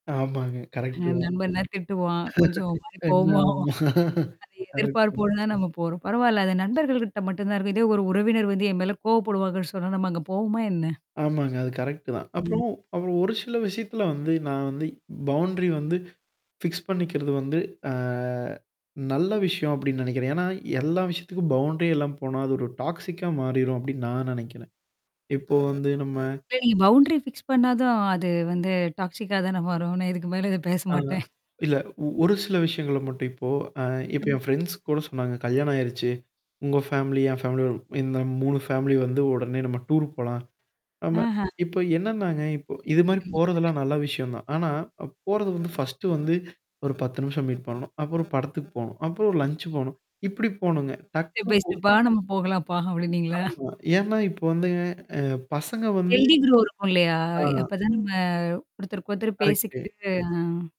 ஆமாங்க, கரெக்ட்டு தான். நண்பன்னா திட்டுவான். கொஞ்சம் ஒரு மாரி என்ன கோவமா ஆவான். ஆமா? அத கரெக்டு தான். எதிர்பார்ப்போடு தான் நம்ம போறோம். பரவால்ல. அது நண்பர்கள கிட்ட மட்டும் தான் இருக்கும். இதே ஒரு உறவினர் வந்து என் மேல கோவப்படுவாங்கன்னு சொன்னா, நம்ம அங்க போவோமா என்ன? ஆமாங்க. அது கரெக்ட்டு தான். ம். அப்புறம், அப்புறம் ஒரு சில விஷயத்துல வந்து நான் வந்து பவுண்ட்ரி வந்து ஃபிக்ஸ்! பண்ணிக்கிறது வந்து, அ. நல்ல விஷயம் அப்டின்னு நெனைக்கிறன். என்னா, எல்லா விஷயத்துக்கும் பவுண்ட்ரி இல்லாம போனா அது ஒரு டாக்ஸிக்கா மாறிரும், அப்டின்னு நான் நெனக்கிறேன். இப்போ வந்து நம்ம சரி பவுண்டரி ஃபிக்ஸ் பண்ணா தான் அது வந்து டாக்ஸிக்கா தான மாறும். நான் இதுக்கு மேல இத பேச ஆஹா. மாட்டன். இல்ல, ஒ ஒரு சில விஷயங்கள மட்டும் இப்போ அ இப்ப ம். என் ஃப்ரெண்ட்ஸ் கூட சொன்னாங்க. கல்யாணம் ஆயிருச்சு. உங்க ஃபேமிலி, என் ஃபேமிலிய இந்த 3 ஃபேமிலி வந்து, உடனே நம்ம டூர் போலாம். ஆமா. அஹ்ஹ! இப்ப என்னன்னாங்க! இப்போ இது மாரி ம். போறதெல்லாம் நல்ல விஷயம் தான். ஆனா போறது வந்து, ஃபர்ஸ்ட்டு வந்து, ஒரு 10 நிமிஷம் மீட் பண்ணணும். அப்பறம் படத்துக்கு போணும். அப்பறம் ஒரு லஞ்ச் போணும். இப்படி போணுங்க. ஸ்டெப் டக்குனு பை போ ஸ்டெப்பா நம்ம போகலாம்ப்பா, அப்டின்னீங்களா? ஆமா. ஏன்னா, இப்போ வந்துங்க அ பசங்க வந்து ஹெல்தி கிரோ இருக்கும் இல்லையா? ஆ. அப்பதான் நம்ம குடுத்தரு ஒருத்தரு கரெக்ட்டு. பேசிக்கிட்டு அ.